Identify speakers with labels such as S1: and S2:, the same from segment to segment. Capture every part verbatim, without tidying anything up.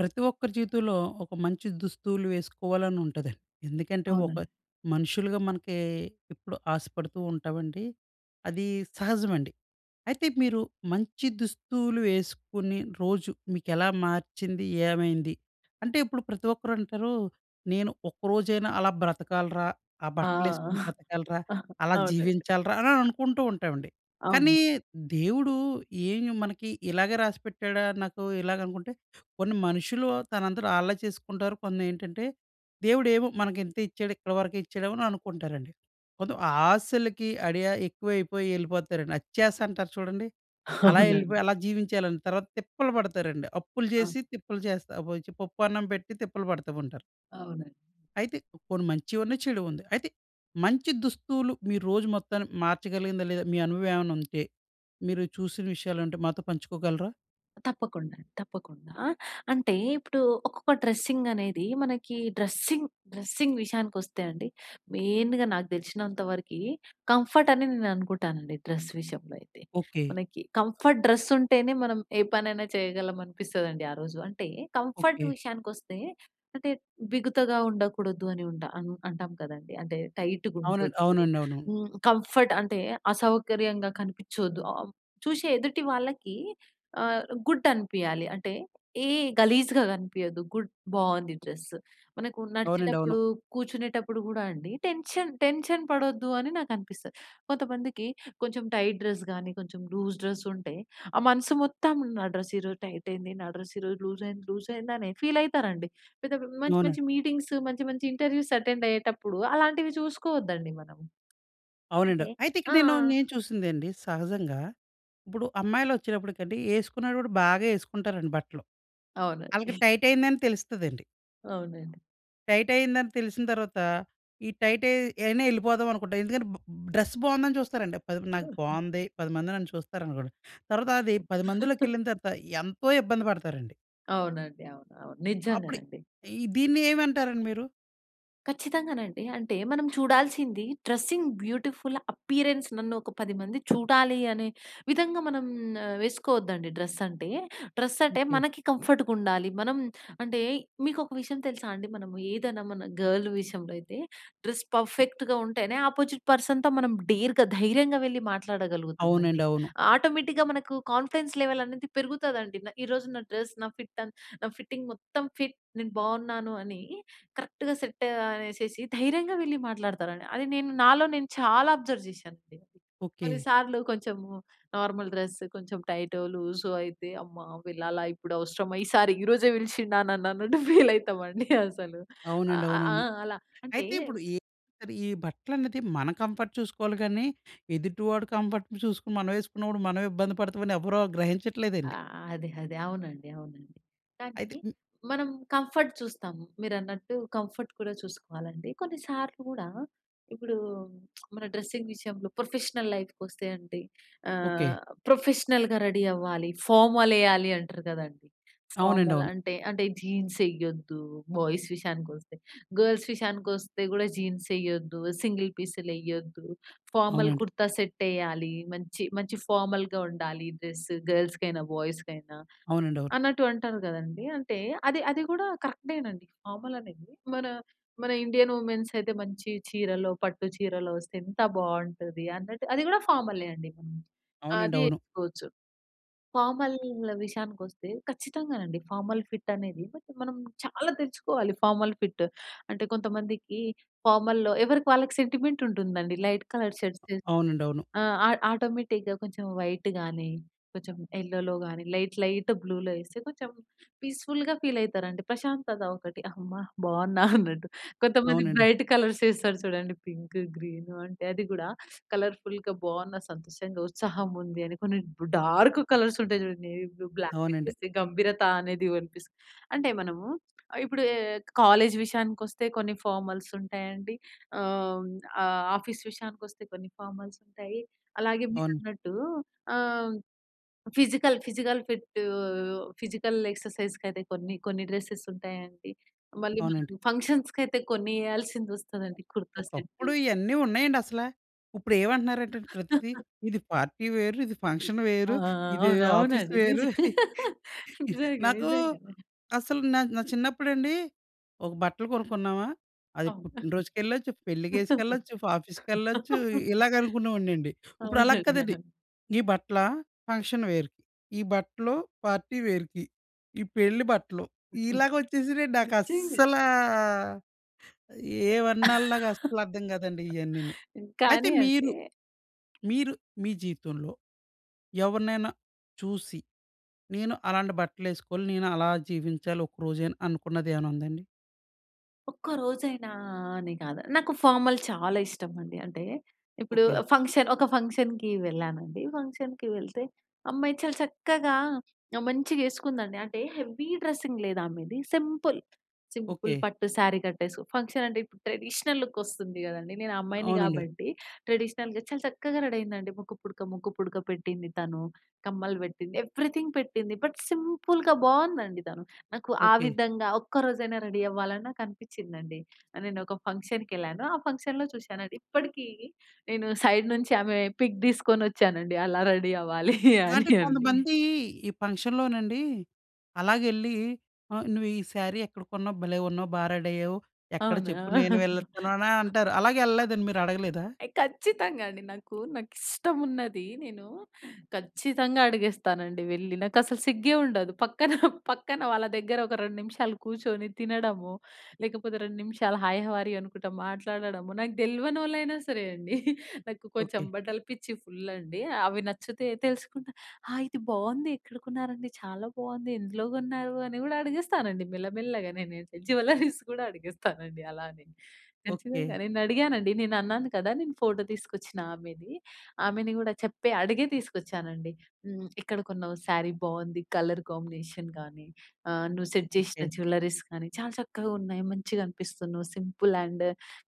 S1: ప్రతి ఒక్కరి జీవితంలో ఒక మంచి దుస్తువులు వేసుకోవాలని ఉంటుందండి. ఎందుకంటే ఒక
S2: అవునండి.
S1: మనుషులుగా మనకి ఎప్పుడూ ఆశపడుతూ ఉంటామండి. అది సహజమండి. అయితే మీరు మంచి దుస్తువులు వేసుకుని, రోజు మీకు ఎలా మార్చింది, ఏమైంది? అంటే ఇప్పుడు ప్రతి ఒక్కరు అంటారు "నేను ఒక్క రోజైనా అలా బ్రతకాలిరా! ఆ
S2: ఆ!
S1: బట్టలేసుకొని బ్రతకాలిరా!
S2: ఆ!
S1: అలా
S2: అవునండి.
S1: జీవించాలిరా" అని అనుకుంటూ ఉంటామండి. కానీ
S2: అవును.
S1: దేవుడు ఏమి మనకి ఇలాగే రాసిపెట్టాడా? నాకు ఇలాగ అనుకుంటే. కొన్ని మనుషులు తన అంతట ఆళ్ళే చేసుకుంటారు. కొన్ని ఏంటంటే, దేవుడేమో మనకు ఇంతే ఇచ్చాడు ఇక్కడి వరకే ఇచ్చాడేమో, అని అనుకుంటారండి. కొంతం ఆశలకి అడియా ఎక్కువైపోయి వెళ్ళిపోతారండి. అత్యాస అంటారు చూడండి. అలా వెళ్ళిపోయి
S2: అవునండి.
S1: అలా జీవించేయాలని, తర్వాత తిప్పలు పడతారండి. అప్పులు
S2: అ!
S1: చేసి తిప్పలు చేస్తా అబోయిచి పప్పన్నం పెట్టి తిప్పలు పడతా ఉంటారు.
S2: అవునండి.
S1: అయితే కొన్ని మంచివి ఉన్నాయి, చెడు ఉంది. అయితే మంచి దుస్తులు మీరు రోజు మొత్తాన్ని మార్చగలిగిందా లేదా? మీ అనుభవం ఏమన్నా ఉంటే మీరు చూసిన విషయాలుంటే మాతో పంచుకోగలరా?
S2: తప్పకుండా, తప్పకుండా! ఆహ్, అంటే ఇప్పుడు ఒక్కొక్క డ్రెస్సింగ్ అనేది. మనకి డ్రెస్సింగ్, డ్రెస్సింగ్ విషయానికొస్తే అండి. మెయిన్‌గ నాకు తెలిసినంత వరికీ కంఫర్ట్ అని నేను అనుకుంటానండి డ్రెస్ విషయంలో అయితే.
S1: ఓకె.
S2: మనకి కంఫర్ట్ డ్రెస్ ఉంటేనే మనం ఏ పనైనా చేయగలం అనిపిస్తుందండి ఆ రోజు. అంటే కంఫర్ట్
S1: ఓకె.
S2: విషయానికి వస్తే అంటే, బిగుతగా ఉండకూడదు అని ఉంటా అంటాం కదండీ! అంటే టైట్‌గా
S1: అవునండి.
S2: ఉండొద్దు.
S1: అవునండి అవును.
S2: హ్మ్. కంఫర్ట్ అంటే అసౌకర్యంగా కనిపించొద్దు. ఆహ్, చూశే ఎదుటి వాళ్ళకి ఆహ్, గుడ్ అనిపియాలి. అంటే ఏ గలీజుగా కనిపియద్దు గుడ్ బాగుంది డ్రస్సు. మనకు
S1: అవునండి అవును.
S2: నడిచేటప్పుడు కూర్చునేటప్పుడు కూడా అండి టెన్షన్ టెన్షన్ పడొద్దు అని నాకనిపిస్తది. కొంతమందికి కొంచెం టైట్ డ్రెస్ గాని, కొంచెం లూజ్ డ్రెస్ ఉంటే ఆ మనసు మొత్తం "నా డ్రెస్ ఈరోజు టైట్ అయింది, నా డ్రెస్ ఈరోజు లూజ్ అయింది లూజ్ అయింది" అని ఫీల్ అయితరండి. పెద్ద మంచి,
S1: అవునండి.
S2: మంచి మీటింగ్స్, మంచి, మంచి ఇంటర్వ్యూస్ అటెండ్ అయ్యేటప్పుడు అలాంటివి చూసుకోవద్దండి మనం.
S1: అవునండి.
S2: అంటే
S1: అయితే ఇక్కడ నేను
S2: ఆ! ఆ!
S1: నేను
S2: ఆ!
S1: చూసిందండి సహజంగా. ఇప్పుడు అమ్మాయిలు ఒచ్చినప్పటికండి వేసుకున్న కూడా బాగా వేసుకుంటారండి బట్టలు.
S2: అవునండి.
S1: ఆళ్ళకి టైట్ అయిందని తెలుస్తదండి.
S2: అవునండి.
S1: టైట్ అయిందని తెలిసిన తర్వాత, ఈ టైట్ అయి అయినా ఎళ్ళిపోదాం అనుకుంటాం. ఎందుకంటే బ్ డ్రెస్ బాగుందని చూస్తారండి. పది నాకు బాగుంది పది మంది నన్ను చూస్తారనుకోండి. తర్వాత అది పది మందిలోకెళ్ళిన తర్వాత ఎంతో ఇబ్బంది పడతారండి.
S2: అవునండి. అవును. అవును.
S1: అప్పుడు
S2: నిజంగానండి.
S1: ఈ దీన్ని ఏమంటారండి మీరు?
S2: ఖచ్చితంగానండి. అంటే మనం చూడాల్సింది డ్రెసింగ్ బ్యూటిఫుల్ అప్పియరెన్స్ నన్ను, ఒక పది మంది చూడాలి, అనే విధంగా మనం వేసుకోవద్దండి డ్రెస్ అంటే. డ్రెస్ అంటే,
S1: ఓకే.
S2: మనకి కంఫర్ట్‌గుండాలి. మనం అంటే మీకొక విషయం తెలుసా అండి! మనము ఏదన్నా మన గర్ల్ విషయంలో అయితే, డ్రెస్ పర్ఫెక్ట్‌గా ఉంటేనే ఆపోజిట్ పర్సన్‌తో మనం డేర్‌గా ధైర్యంగా వెళ్ళి మాట్లాడగలుగుతాం
S1: అవునండి.
S2: అండి.
S1: అవును.
S2: ఆటోమేటిక్‌గా మనకు కాన్ఫిడెన్స్ లెవెల్ అనేది పెరుగుతదండి. న ఈ రోజు నా డ్రెస్ నా ఫిట్ అన్ నా ఫిట్టింగ్ మొత్తం ఫిట్ నేను బావున్నాను అని కరెక్ట్‌గా సెట్ అనేసేసి ధైర్యంగా వెళ్ళి మాట్లాడతారండి. అది నేను నాలో నేను చాలా అబ్జర్వ్ చేశానండి.
S1: ఓకే.
S2: కొన్నిసార్లు కొంచెం నార్మల్ డ్రెస్ కొంచెం టైటో, లూజో అయితే అమ్మా! వెళ్ళాలా, ఇప్పుడు అవసరమా, ఈ సార్ ఈరోజే పిలిచిండా నన్ననట్టు ఫీలయితామండి అసలు. అ
S1: అవునండి.
S2: అ ఆ!
S1: అవునవును.
S2: అలా! అంటే
S1: అయితే, ఇప్పుడు ఈ ఈ బట్టలనేది మన కంఫర్ట్ చూసుకోవాలి గానీ, ఎదుటి వాడి కంఫర్ట్ చూసుకొని మనం వేసుకున్నప్పుడు మనమే ఇబ్బంది పడతామని, ఎవరు గ్రహించట్లేదండి.
S2: ఆహ్, అదే, అదే అవునండి. అవునండి. కానీ,
S1: అయితే హ్మ్.
S2: మనం కంఫర్ట్ చూస్తాం. మీరు అన్నట్టు కంఫర్ట్ కూడా చూసుకోవాలండి. కొన్ని సార్లు గూడా ఇప్పుడు మన డ్రెస్సింగ్ విషయంలో ప్రొఫెషనల్ లైఫ్‌కొస్తే అంటే
S1: ఓకే.
S2: ఆహ్, ప్రొఫెషనల్‌గా రెడీ అవ్వాలి. ఫార్మలేయాలి అంటారు కదండి.
S1: అవునండి.
S2: ఫార్మల్
S1: అవును.
S2: అంటే, అంటే జీన్స్ యేయొద్దు. బాయ్స్ విషయానికొస్తే. గర్ల్స్ విషయానికొస్తే కూడా జీన్సెయ్యొద్దు, సింగిల్ పీసులెయ్యొద్దు, ఫార్మల్
S1: అవునండి.
S2: కుర్తా సెట్టెయ్యాలి. మంచి, మంచి ఫార్మల్‌గా ఉండాలి డ్రెస్ గర్ల్స్‌కైనా, బాయ్స్‌కైనా
S1: అవునండి. అవును.
S2: అన్నట్టు అంటారు కదండీ! అంటే అది అది కూడా కరెక్టేనండి. ఫార్మల్ అనేది మన, మన ఇండియన్ వుమెన్స్ అయితే మంచి చీరలో, పట్టు చీరలో వస్తే ఎంత బావుంటది అన్నట్టు అది కూడా ఫార్మలే అండి.
S1: అవునండి.
S2: అది
S1: అవును.
S2: ఏసుకోచ్చు. ఫార్మల్ విషయానికొస్తే ఖచ్చితంగానండి ఫార్మల్ ఫిట్ అనేది, బట్, మనం చాలా తెచ్చుకోవాలి ఫార్మల్ ఫిట్. అంటే కొంతమందికి ఫార్మల్‌లో ఎవరికి వాళ్ళకి సెంటిమెంట్ ఉంటుందండి లైట్ కలర్ షర్ట్ తె
S1: అవునండీ. అవును.
S2: ఆ! ఆ ఆటోమేటిక్‌గా కొంచెం వైట్ గాని, కొంచెం ఎల్లోలో గాని, లైట్, లైట్ బ్లూలో వేస్తే, కొంచెం పీస్‌ఫుల్‌గా ఫీల్ అవుతారండి. ప్రశాంతత ఒకటి, అమ్మ! బావున్నా అన్నట్టు. కొంతమంది
S1: అవునండి.
S2: బ్రైట్ కలర్స్ వేస్తారు చూడండి, పింకు గ్రీను అంటే, అది గూడా కలర్‌ఫుల్‌గా బాగున్న సంతోషంగా, ఉత్సాహం ఉంది అని, కొన్ని డార్క్ కలర్స్ ఉంటాయి చూడండి, ఏ బ్లూ, బ్లాక్
S1: అవునండి.
S2: ఏస్తే గంభీరత అనేది వినిపిస్తుంది. అంటే, మనము ఆహ్, ఇప్పుడు ఎ ఎక్ కాలేజ్ విషయానికొస్తే కొన్ని ఫార్మల్స్ ఉంటాయండి. ఆహ్, హ్మ్, ఆహ్, ఆఫీస్ విషయానికొస్తే, కొన్ని ఫార్మల్స్ ఉంటాయి. అలాగే
S1: అవును.
S2: మీరన్నట్టు ఆహ్, ఫిజికల్ ఫిజికల్ ఫిట్టు ఫిజికల్ ఎక్సర్సైజ్‌కయితే కొన్ని, కొన్ని డ్రెసెస్ ఉంటాయండి. మళ్ళీ
S1: అవునండి.
S2: మనం ఫంక్షన్స్‌కైతే కొన్ని ఏయాల్సిందొస్తదండి. కుర్తా సెట్టు.
S1: ఒకప్పుడు ఇయన్నీ ఉన్నాయండి అసలా! ఇప్పుడు ఏమంటున్నారంటే, ప్రతిది ఇది పార్టీ వేరు, ఇది ఫంక్షన్
S2: ఆ!
S1: వేరు,
S2: ఆ! ఆ!
S1: ఇది
S2: అవును.
S1: ఆఫీస్
S2: అవునండి.
S1: వేరు.
S2: నిజం. నిజంగా.
S1: నాకు
S2: నిజంగా.
S1: అసలు నా నా చిన్నప్పుడండి ఒక బట్టలు కొనుక్కున్నామా, అది
S2: అవునా!
S1: పుట్టిన రోజుకెళ్ళొచ్చు, పెళ్ళికేసుకెళ్ళొచ్చు. ఫా ఆఫీస్‌కెళ్ళొచ్చు. ఇలాగ అనుకునే వాడినండి. ఉప్పుడు అలా
S2: అవునండి.
S1: కాదండి!
S2: ఆ!
S1: ఈ బట్టలా, ఫంక్షన్ వేర్‌కి, ఈ బట్టలు పార్టీ వేర్‌కి, ఇయి పెళ్ళి బట్టలు.
S2: హ్మ్, హ్మ్.
S1: ఇలాగ వచ్చేసినీయండి.
S2: నిజంగా!
S1: నాకస్సలా ఏమాన్నాల నాకస్సలర్థం కాదండి ఇయన్నీనీ. అయితే
S2: కానీ, అంటే
S1: మీరు, మీరు మీ జీవితంలో ఎవరినైనా చూసి, నేను అలాంటి బట్టలు వేసుకొని, నేను అలా జీవించాలి ఒక రోజైన అనుకున్నది ఏవైనా ఉందా అండి?
S2: ఒక్క రోజైనా అని కాదు నాకు ఫార్మల్ చాలా ఇష్టం అండి. అంటే, ఇప్పుడు
S1: ఓకే.
S2: ఫంక్షన్ ఒక ఫంక్షన్‍‌కి వెళ్ళానండి. ఫంక్షన్‌కి వెళ్తే అమ్మాయి చాలా చక్కగా, మంచిగా ఎసుకుందండి. అంటే, హెవీ డ్రెస్సింగ్ లేదు ఆమెది, సింపుల్, సింపుల్
S1: ఓకే.
S2: పట్టు శారీ కట్టేసు ఫంక్షన్ అంటే, ఇప్పుడు ట్రెడిషనల్‌ లుకొస్తుంది గదండీ! నేను అమ్మాయిని
S1: అవునండి.
S2: గాబట్టి, ట్రెడిషనల్‌గా చాలా చక్కగా రెడీ అయిందండి. ముక్కుపుడక, ముక్కుపుడక పెట్టింది తను, కమ్మలు వేట్టింది, ఎవరీథింగ్ పెట్టింది. బట్, సింపుల్‌గా బావుందండి తను. నాకు ఆ
S1: ఓకే.
S2: విధంగా ఒక్క రోజైనా రెడీ అవ్వాలని నాకనిపించిందండి. నేను ఒక ఫంక్షన్‍కేళ్ళాను. ఆ ఫంక్షన్‌లో చూశానది. ఇప్పడికి నేను సైడ్ నుంచి ఆమె పిక్ తీసుకొచ్చానండి, అలా రెడీ అవ్వాలి
S1: ఎలా
S2: అని
S1: అంటే,
S2: అండి.
S1: కొంతమంది ఈ పంక్షన్‌లో నండి అలాగే ఎళ్ళి ఆహ్, నువ్వు ఈ శారీ ఎక్కడ కొన్నావు, భలే ఉన్నావు, బా రెడి అయ్యావు, ఎక్కడ
S2: అవునా?
S1: చెప్పు, నేను వెళ్ళొత్తాను అనే అంటారు. అలాగే ఎళ్ళలేదండి, మీరు అడగలేదా?
S2: ఏయ్ ఖచ్చితంగా అండి. నాకు, నాకిష్టమున్నది నేను ఖచ్చితంగా అడిగేస్తానండి వెళ్ళి, నాకు అసలు సిగ్గే ఉండదు. పక్కన, పక్కన వాళ్ళ దగ్గర ఒక రెండు నిమిషాలు కూర్చొని తినడము లేకపోతే, రెండు నిమిషాలు హాయ్ హౌ ఆర్ యు అనుకుంటా మాట్లాడడము, నాకు దెల్వనోలాయిన సరే అండి. నాకు కొంచెం
S1: ఓకే.
S2: బట్టలు పిచ్చి ఫుల్ అండి, అవి నచ్చితే తెలుసుకుంటా. ఆ! ఇది బాగుంది, ఎక్కడ కొన్నారండి, చాలా బాగుంది, ఎందులో కొన్నారు, అని కూడా అడిగిస్తానండి మెల్లమెల్లగా నేనైతే. జ్యువెల్లరీస్ గూడా అడిగిస్తానండి అలానే.
S1: ఓకే.
S2: ఖచ్చితంగా నేను అడిగానండి. నేను అన్నాను కదా! నేను ఫోటో తీసుకొచ్చిన ఆమెని. ఆమెని గూడా చెప్పే అడిగే తీసుకొచ్చానండి. హ్మ్. ఎక్కడ కొన్నావు శారీ బావుంది కలర్ కాంబినేషన్ గానీ, ఆహ్, నువ్వు సెట్
S1: ఓకే.
S2: జేసిన జ్యువెల్లరీస్ కానీ, చాలా చక్కగా ఉన్నాయి మంచిగా అనిపిస్తున్నావు సింపుల్ అండ్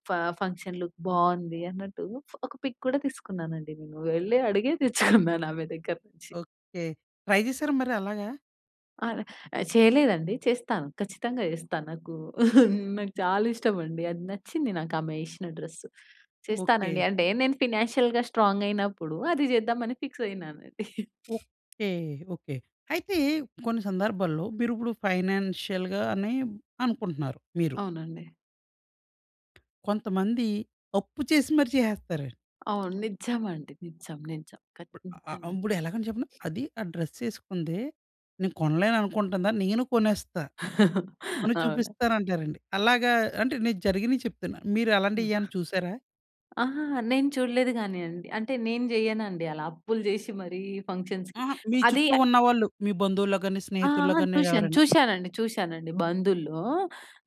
S2: ఫ ఫంక్షన్‌ లుక్ బావుంది అన్నట్టు. ఒక పిక్ కూడా తీసుకున్నానండి నేను. వెళ్ళి అడిగే తెచ్చుకున్నాను ఆమె దగ్గర నుంచి.
S1: ఓకే. ట్రై చేసారా మరి అలాగా?
S2: ఆల ఆహ్, చేయలేదండి, చేస్తాను, ఖచ్చితంగా చేస్తా. నాకూ నాకు చాలా ఇష్టమండి, అది నచ్చింది నాకామేషిన డ్రెస్సు.
S1: ఓకే.
S2: చేస్తానండి అంటే, నేను ఫైనాన్షియల్‌గా స్ట్రాంగయినప్పుడు, అది చేద్దామని ఫిక్సయినానండి.
S1: ఓకే. ఓకే. అయితే, కొన్ని సందర్భాల్లో మీరిప్పుడు ఫైనాన్షియల్‌గానే అనుకుంటున్నారు, మీరు.
S2: అవునండి.
S1: కొంతమంది, అప్పు చేసి మరి చేసేస్తారండి.
S2: అవును నిజమండి. నిజం. నిజం
S1: అ
S2: ఖచ్చితమ
S1: అంబుడు ఎలాగని చెప్పనా, అది, ఆ డ్రెస్సేసుకుందే, నేను కొనలేననుకుంటుందా! నేను కొనేస్తా. కొని
S2: అవునా!
S1: చూపిస్తానంటారండి. అలాగా, అంటే నేను జరిగినియి చెప్తున్నా.
S2: ఆ!
S1: మీరలాంటియి ఏమన్నా చూసారా?
S2: అహాహా! నేను చూడలేదు గానీయండి, అంటే, నేను జేయనండి అలా, అప్పులు జేషి మరీ ఫంక్షన్స్‌కి.
S1: అహా! మీ
S2: అదీ
S1: చుట్టూ
S2: య
S1: ఉన్నవాళ్ళు, మీ బంధువుల్లో గాని,
S2: ఆ!
S1: స్నేహితుల్లో
S2: ఆ!
S1: గాని
S2: చూశాను.
S1: ఎవరైన.
S2: చూశానండి, చూశానండి బందుల్లో,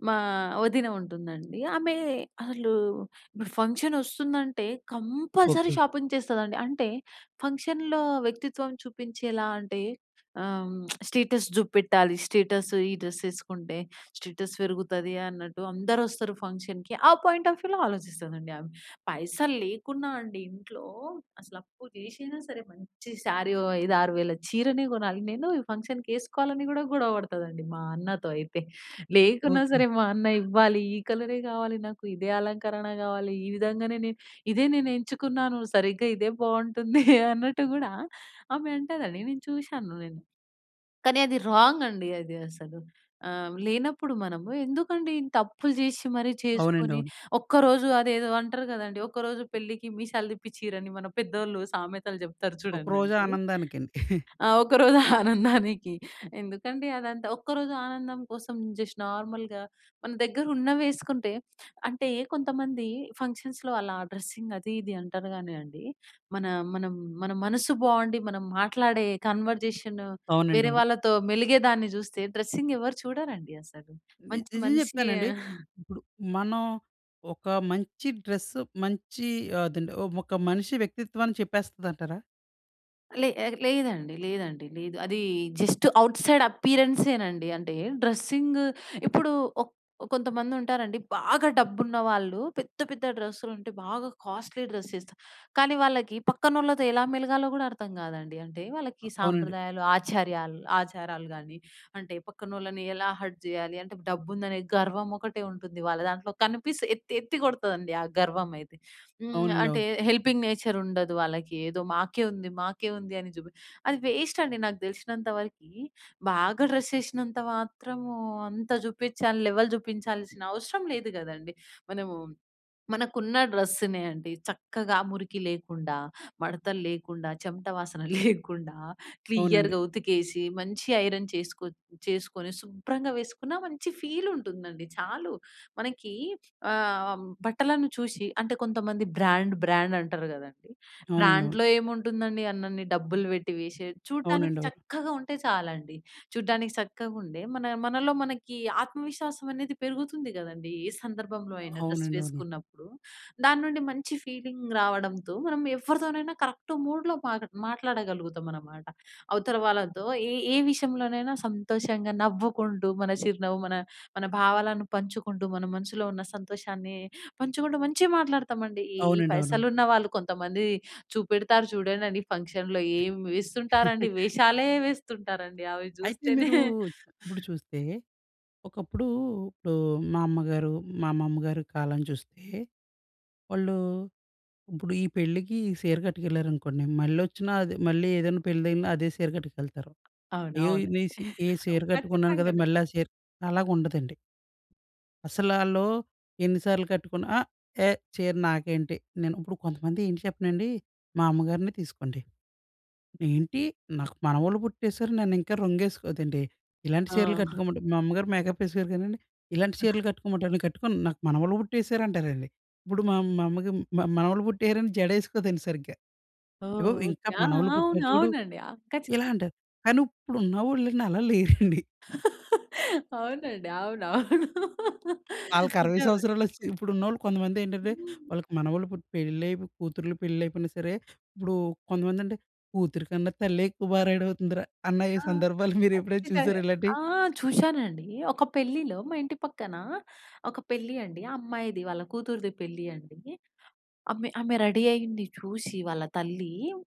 S2: మా వదిన ఉంటుందండి. ఆమె, అసలు ఇప్పుడు ఫంక్షనొస్తుందంటే, కంపల్సరీ
S1: ఓకే.
S2: షాపింగ్ చేస్తందండి. అంటే, ఫంక్షన్‍లో వ్యక్తిత్వం చూపించేలా అంటే, ఆ! హ్మ్, స్టేటస్ జూపెట్టాలి. స్టేటస్సు ఈ డ్రెస్యేసుకుంటే, స్టేటస్ పెరుగుతది అన్నట్టు, అందరొస్తారు ఫంక్షన్‍కి. ఆ పాయింట్ ఆఫ్ వ్యూలో ఆలోచిస్తదండి ఆమె. పైసలు లేకున్నా అండి ఇంట్లో, అసలు అప్పు జేషైనా సరే! మంచి శారీ ఓ ఐదారు వేల చీరనే కొనాలి నేను, ఈ ఫంక్షన్‌కేసుకోవాలని గూడా గొడవ బడుతుందండి, మా అన్నతో అయితే. లేకున్నా
S1: ఓకే.
S2: సరే, మా అన్న ఇవ్వాలి. ఈ కలరే గావాలి నాకు, ఇదే అలంకరణ గావాలి, ఈ విధంగానే నే ఇదే నేనెంచుకున్నాను, సరిగ్గా ఇదే బావుంటుంది అన్నట్టు గూడా, ఆమె అంటదండి, నేను చూషాను నేను. కానీ అది రాంగండి అది, అసలు. ఆహ్, లేనప్పుడు మనము, ఎందుకండి ఇంతప్పులు జేషి మరీ చేసుకొని,
S1: అవునండవును.
S2: ఒక్కరోజు అదేదో అంటరు గదండీ, ఒక రోజు పెళ్ళికి మీసాలు తిప్పిచ్చురని, మన పెద్దోళ్ళు సామెతలు చెప్తారు
S1: ఒక రోజు
S2: చూడండండి.
S1: ఆనందానికండి.
S2: ఆ! ఒక రోజు ఆనందానికి, ఎందుకండి అదంతా. ఒక్కరోజు ఆనందం కోసం, జస్ట్ నార్మల్‍గా, మన దగ్గరున్నవేసుకుంటే, అంటే కొంతమంది ఫంక్షన్స్‌లో అలా డ్రెస్సింగ్ అదీ ఇది అంటారు గానీ అండి, మన మనం మన మనసు బాగుండి, మనం మాట్లాడే కన్వర్జేషను, వేరే
S1: అవునండవును.
S2: వాళ్ళతో మెలిగే దాన్ని జూస్తే, డ్రెస్సింగ్ ఎవరు చూడరండి అసలు.
S1: ని
S2: మంచి
S1: నిజం
S2: మనిషి
S1: చెప్తానండి. ఇప్పుడు మనం ఒక మంచి డ్రెస్సు, మంచి అదండి ఓహ్, ఒక మనిషి వ్యక్తిత్వాన్ని చెప్పేస్తుందంటారా?
S2: లే లేదండి, లేదండి లేదు. అది జస్ట్ ఔట్ సైడ్ అపిరియన్సే నండి. అంటే డ్రెస్సింగ్ ఇప్పుడు ఒక కొంతమంది ఉంటారండి. బాగా డబ్బున్న వాళ్ళు పెద్ద, పెద్ద డ్రెస్సులు ఉంటే బాగా కాస్ట్లీ డ్రెస్ వేస్తా. కానీ వాళ్ళకి పక్కనోళ్ళతో ఎలా మెలగాలో కూడా అర్థం కాదండి. అంటే
S1: ఆ!
S2: వాళ్ళకి
S1: అవునండి.
S2: సాంప్రదాయాలు, ఆచార్యాలు ఆచారాలు కానీ అంటే పక్కనోళ్ళని ఎలా హర్ట్ చేయాలి, అంటే డబ్బు ఉందని గర్వం ఒకటే ఉంటుంది వాళ్ళ దాంట్లో కనిపిస్తే ఎత్తి ఎత్తి కొడతదండి ఆ గర్వం అయితే. హ్మ్.
S1: అవునండీ. అవును.
S2: అంటే హెల్పింగ్ నేచర్ ఉండదు వాళ్ళకి. ఏదో మాకే ఉంది, మాకే ఉంది అని జుబి అది వేస్ట్ అండి. నాకు తెలిసినంత వరకి బాగా డ్రెస్ ఏసినంత మాత్రం అంత చూపించాలి లెవెల్ చూపించాల్సిన అవసరం లేదు కదండీ. మనము మనకున్న డ్రెస్సునే అండి. చక్కగా మురికి లేకుండా, మడతలు లేకుండా, చెమట వాసన లేకుండా,
S1: అవునండి.
S2: క్లియర్‌గా ఉతికేసి మంచి ఐరన్ చేసుకో చేసుకొని శుభ్రంగా వేసుకున్న మంచి ఫీల్ ఉంటుందండి. చాలు మనకి ఆ! బట్టలను చూసి అంటే కొంతమంది బ్రాండ్, బ్రాండ్ అంటారు కదండీ!
S1: అవునండి. అవును.
S2: బ్రాండ్‍లో ఏముంటుందండి అన్నన్ని డబ్బులు పెట్టి వేసి చూడటానికి
S1: అవునండీ. అవును.
S2: చక్కగా ఉంటే చాలండి. చూడ్డానికి చక్కగా ఉండే మన మనలో మనకి ఆత్మవిశ్వాసం అనేది పెరుగుతుంది కదండీ. ఈ సందర్భంలో
S1: ఆ!
S2: అయినా డ్రెస్
S1: అవునండి. అవును.
S2: వేసుకున్నప్పుడు, దాని నుండి మంచి ఫీలింగ్ రావడంతో మనం ఎవరితోనైనా కరెక్ట్ మూడ్‌లో మాగా మాట్లాడగలుగుతాం అనమాట. అవతల వాళ్ళతో ఏ ఏ విషయంలోనైనా సంతోషంగా, నవ్వుకుంటూ, మన చిరునవ్వు మన మన భావాలను పంచుకుంటూ మన మనసులో ఉన్న సంతోషాన్ని పంచుకుంటూ మంచిగా మాట్లాడుతామండి. ఈ ఈ
S1: అవునండి. అవునవును.
S2: పైసలు ఉన్న వాళ్ళు కొంతమంది చూపెడతారు చూడండండి ఫంక్షన్‌లో ఏమి వేస్తుంటారండి వేషాలే వేస్తుంటారండి. అవి
S1: అయితే!
S2: చూస్తేనే
S1: మీరు ఇప్పుడు చూస్తే. ఒకప్పుడు ఇప్పుడు మా అమ్మగారు, మా అమ్మమ్మగారి కాలం చూస్తే వాళ్ళు ఇప్పుడు ఈ పెళ్ళికి ఈ సీరకట్టుకేళ్ళారనుకోండి. మళ్లొచ్చినా అదే మళ్ళీ ఏదైనా పెళ్ళి తగిలినా అదే సీరకట్టుకెళ్తారు.
S2: అవును.
S1: అయ్యో!
S2: అవును.
S1: నేను సీ ఏ సీర కట్టుకున్నాను కదా!
S2: ఖచ్చితంగానే
S1: మళ్ళీ సీర అలాగా ఉండదండి. అసలాల్లూ ఎన్ని సార్లు కట్టుకున్నా అ! ఏ చీర నాకేంటి? నేను ఇప్పుడు కొంతమంది ఏంటి చెప్పనాండి, మా అమ్మగారినే తీసుకోండి. "ఏంటి? నాకు మనవలు పుట్టేసారు, నన్ను ఇంకా రంగేసుకో అదేంటి, ఇలాంటి చీరలు
S2: ఆ!
S1: కట్టుకోమంటే." మా అమ్మగారు మేకప్ వేసాకోరు కానండి, "ఇలాంటి చీరలు కట్టుకోమంటావా? నేను కట్టుకొను నాకు మనవలు పుట్టేసారు" అంటారండి. ఇప్పుడు మా మా అమ్మకి మనవళ్ళు పుట్టేహారని జడ వేసుకోదండి సరిగ్గా.
S2: ఓహ్,
S1: "అగో ఇంకా
S2: ఓకే. ఆ!
S1: మనవళ్ళు
S2: అవును
S1: పుట్టారు చూడు"
S2: అవునండి.
S1: ఇలా
S2: ఖచ్చితంగా.
S1: అంటారు, కానీ ఇప్పుడు ఉన్నవాళ్ళండి అలా లేరండి.
S2: అవునండి. అవును. అవును.
S1: వాళ్ళకి అరవై
S2: నిజమే.
S1: సంవత్సరాలు వచ్చి ఇప్పుడు ఉన్నోళ్ళు కొంతమంది ఏంటంటే,
S2: హ్మ్.
S1: వాళ్ళకి మనవళ్ళు పుట్టి, పెళ్లై కూతుర్లు పెళ్ళిళ్ళు అయిపోయినా సరే ఇప్పుడు కొంతమంది అంటే కూతురి కన్నా తల్లే ఎక్కువ బా రెడీ అవుతుందిరా అన్న ఈ
S2: ఆ!
S1: సందర్భాలు మీరు ఎప్పుడైనా చూసారా
S2: ఖచ్చితంగా.
S1: ఇలాంటివి?
S2: ఆ! చూశానండి, ఒక పెళ్ళిలో మా ఇంటి పక్కన, ఒక పెళ్ళి అండి, ఆ అమ్మాయిది. వాళ్ళ కూతురిది పెళ్ళి అండి. ఆమె ఆమె రెడీ అయ్యింది చూసి వాళ్ళ తల్లి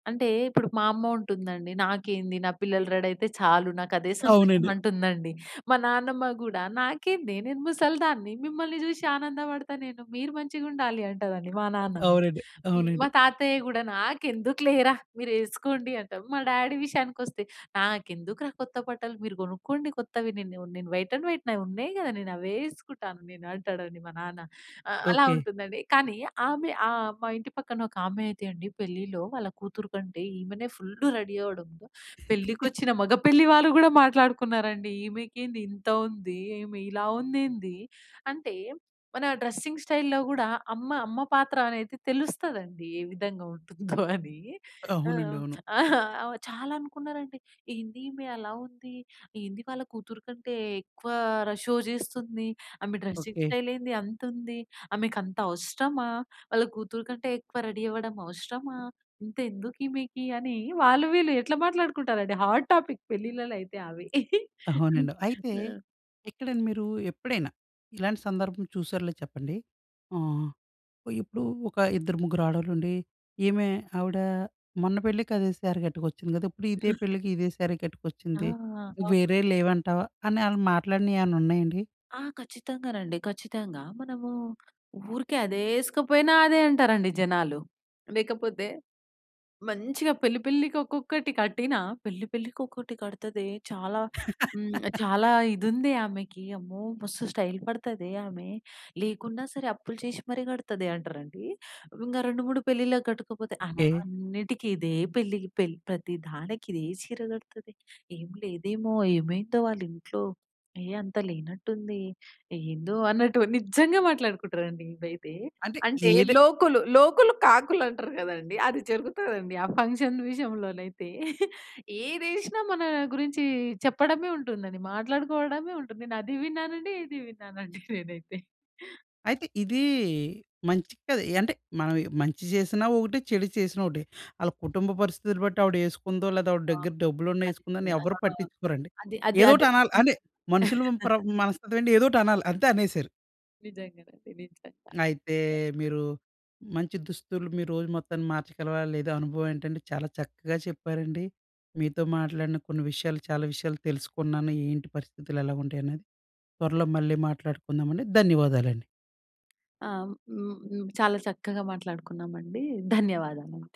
S2: అంటే, ఇప్పుడు మా అమ్మ ఉంటుందండి, "నాకేంది నా పిల్లలు రెడీయితే చాలు నాకు అదే సంతోషం"
S1: అవునండి.
S2: అంటుందండి. మా నాన్నమ్మ గూడా "నాకేందే నేను ముసలి దాన్ని మిమ్మల్ని చూసి ఆనందపడతాను నేను. మీరు మంచిగా ఉండాలి" అంటారండి. మా నాన్నమ్మ.
S1: అవునండి. అవునండి.
S2: మా తాతయ్య గూడా "నాకెందుకులేరా మీరు వేసుకోండి" అంటాడు. మా డ్యాడీ ఈ విషయానికి వస్తే "నాకెందుకురా కొత్త బట్టలు, మీరు కొనుక్కోండి కొత్తవి. నేను నేను వైట్ అండ్ వైట్ నావి" ఉన్నాయి కదా, నేను అవే వేసుకుంటా నేను" అంటాడండి మా నాన్న. ఆహ్, అలా
S1: ఓకే.
S2: ఉంటుందండి. కానీ ఆమె ఆహ్, మా ఇంటి పక్కన ఒక ఆమె అయితే అండి, పెళ్ళిలో వాళ్ళ కూతురు కంటే ఈమెనే ఫుల్ రెడీ అవ్వడంతో పెళ్ళికి వచ్చిన మగ పెళ్ళి వాళ్ళు కూడా మాట్లాడుకున్నారండి. ఈమెకేంది ఇంత ఉంది, ఈమె ఇలా ఉందేంది. అంటే, మన డ్రెస్సింగ్ స్టైల్‌లో గూడా అమ్మ అమ్మ పాత్ర అనేది తెలుస్తదండి ఏ విధంగా ఉంటుందో అని. ఆ!
S1: అవునండీ. అవును.
S2: ఆహ్, చాలా అనుకున్నారండి. "ఏంది ఈమె అలా ఉంది, ఏందీ వాళ్ళ కూతురు కంటే ఎక్కువ ర షో చేస్తుంది, ఆమె డ్రెసింగ్
S1: ఓకే.
S2: స్టైల్ ఏంది అంత ఉంది, ఆమెకు అంత అవసరమా, వాళ్ళ కూతురు కంటే ఎక్కువ రెడీ అవ్వడం అవసరమా, ఇంత ఎందుకు" ఈమెకి అని వాళ్ళు వీళ్ళు ఎట్లా మాట్లాడుకుంటారండి. హాట్ టాపిక్ పెళ్ళిళ్ళలో అయితే అవి.
S1: అవునండి. అయితే,
S2: ఆ!
S1: ఎక్కడండి మీరు ఎప్పుడైనా ఇలాంటి సందర్భం చూసారులేదో చెప్పండి. ఆహ్, ఇప్పుడు ఒక ఇద్దరు ముగ్గురు ఆడవాళ్ళు ఉండి. "ఏమె ఆవిడ మొన్న పెళ్ళికి అదే శారి కట్టుకొచ్చింది కదా. ఇప్పుడు ఇదే పెళ్ళికి ఇదే శారీ
S2: ఆ!
S1: కట్టుకొచ్చింది.
S2: అవ్
S1: వేరే లేవంటావా?" అని వాళ్ళు మాట్లాడినవి ఏమన్నా ఉన్నాయండి?
S2: ఆ! ఖచ్చితంగానండి, ఖచ్చితంగా. మనము ఊరికే అదే వేసుకోకపోయినా అదే అంటారండి జనాలు. లేకపోతే మంచిగా పెళ్ళి, పెళ్ళికి ఒక్కొక్కటి కట్టినా, "పెళ్ళి పెళ్ళికి ఒకటి కడుతదే, చాలా హ్మ్, చాలా ఇదుంది ఆమెకి, అమ్మో! మస్తు స్టైల్ పడుతదే ఆమె, లేకున్నా సరే అప్పులు చేసి మరి కడుతదే" అంటారండి. ఇంకా రెండు మూడు పెళ్ళిళ్ళ కట్టుకోకపోతే "ఆమ
S1: ఓకే.
S2: అన్నిటికి ఇదే, పెళ్ళికి పెళ్ళి ప్రతి దానికి ఇదే చీర కడుతది, ఏం లేదేమో, ఏమైందో వాళ్ళ ఇంట్లో. ఏ అంత లేనట్టు ఉంది, ఏందో" అన్నట్టు నిజంగా మాట్లాడుకుంటారండి ఇదైతే.
S1: అంటే
S2: అంటే,
S1: ఏది
S2: లోకులు లోకులు కాకులు అంటారు కదండీ, అది జరుగుతదండి ఆ ఫంక్షన్ విషయంలోనైతే. ఏదేసినా మన గురించి చెప్పడమే ఉంటుందండి, మాట్లాడుకోవడమే ఉంటుంది. నేను అది విన్నానండి, ఇది విన్నానండి నేనైతే.
S1: అయితే ఇది మంచి కాదు. అంటే, మనం మంచి చేసినా ఒకటే. చెడు చేసినా ఒకటే. వాళ్ళ కుటుంబ పరిస్థితిని బట్టి ఆవిడ వేసుకుందో, లేదా ఆవిడ
S2: ఆ!
S1: దగ్గర డబ్బులు ఉన్నా
S2: అది
S1: వేసుకుందో అని
S2: నిజమే. ఆ!
S1: ఎవ్వరు పట్టించుకోరండి.
S2: అది అది
S1: ఏదో
S2: అది
S1: ఒకటి అనాలి. అంటే, మనుషులు ప్ర మనస్తత్వం అంటే ఏదో ఒకటి అనాలి. అంతే అనేసారు.
S2: నిజంగానండి. నిజంగా.
S1: అయితే మీరు మంచి దుస్తులు మీరు రోజు మొత్తాన్ని మార్చగలవా? లేదా? అనుభవం ఏంటంటే, చాలా చక్కగా చెప్పారండి. మీతో మాట్లాడిన కొన్ని విషయాలు, చాలా విషయాలు తెలుసుకున్నాను. ఏంటి పరిస్థితులు ఎలా ఉంటాయి అనేది. త్వరలో మళ్ళీ మాట్లాడుకుందామండి. ధన్యవాదాలండి.
S2: ఆ! హ్మ్. హ్మ్. చాలా చక్కగా మాట్లాడుకున్నామండి. ధన్యవాదాలు అండి.